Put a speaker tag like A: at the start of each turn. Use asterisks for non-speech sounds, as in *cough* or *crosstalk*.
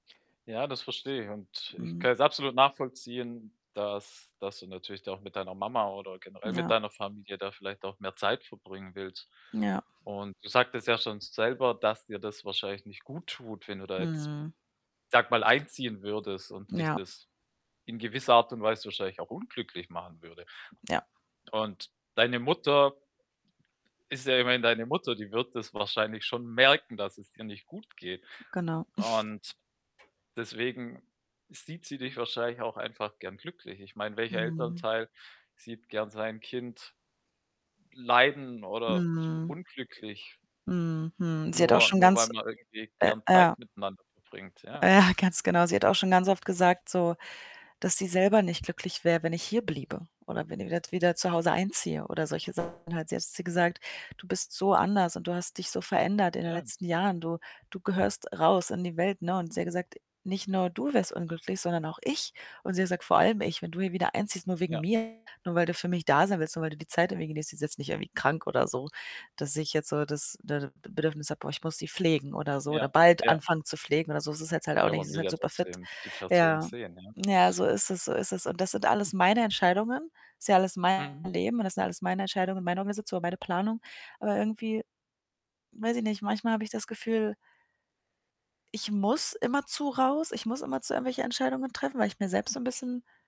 A: Ja, das verstehe ich und ich
B: Mhm.
A: kann es absolut nachvollziehen, dass, dass du natürlich auch mit deiner Mama oder generell mit
B: Ja.
A: deiner Familie da vielleicht auch mehr Zeit verbringen willst.
B: Ja.
A: Und du sagtest ja schon selber, dass dir das wahrscheinlich nicht guttut, wenn du da jetzt,
B: Hm.
A: sage mal, einziehen würdest und dich
B: Ja.
A: das in gewisser Art und Weise wahrscheinlich auch unglücklich machen würde.
B: Ja.
A: Und deine Mutter ist ja immerhin deine Mutter, die wird das wahrscheinlich schon merken, dass es dir nicht gut geht.
B: Genau.
A: Und
B: *snorts*
A: deswegen sieht sie dich wahrscheinlich auch einfach gerne glücklich. Ich meine, welcher
B: Mhm.
A: Elternteil sieht gerne sein Kind leiden oder
B: Mhm.
A: unglücklich?
B: Mhm, mhm, sie hat auch
A: Nur
B: schon
A: nur weil
B: ganz
A: man irgendwie
B: äh,
A: gerne
B: ja.
A: Zeit miteinander verbringt,
B: äh,
A: ja.
B: ja, ganz genau. Sie hat auch schon ganz oft gesagt so: Dass sie selber nicht glücklich wäre, wenn ich hier bliebe oder wenn ich wi wieder zu Hause einziehe oder solche Sachen halt. Sie hat zu mir gesagt: „Du bist so anders und du hast dich so verändert in den
A: Ja.
B: letzten Jahren. Du du gehörst raus in die Welt." Ne? Und sie hat gesagt: „Nicht nur du wärst unglücklich, sondern auch ich.“ Und sie sagt: „Vor allem ich, wenn du hier wieder einziehst, nur wegen
A: Ja.
B: mir, nur weil du für mich da sein willst und weil du die Zeit irgendwie genießt.“ Sie ist jetzt nicht irgendwie krank oder so, dass ich jetzt so das, ne, Bedürfnis habe: „Boah, ich muss sie pflegen“, oder so „Oder
A: Ja,
B: bald
A: ja.
B: anfangen zu pflegen“ oder so. Das ist jetzt halt auch
A: Ja,
B: nicht. Sie
A: man
B: ist
A: will
B: halt
A: ja
B: super fit.
A: trotzdem die Person
B: Ja,
A: sehen, ja.
B: ja, so ist es so ist es. Und das sind alles meine Entscheidungen. Ist ja alles mein
A: Mhm.
B: Leben und das sind alles meine Entscheidungen und Meinungen, oder meine Planung, aber irgendwie, weiß ich nicht, manchmal habe ich das Gefühl „ich muss immer zu raus. Ich muss immerzu irgendwelche Entscheidungen treffen“, weil ich mir selbst so 'n bisschen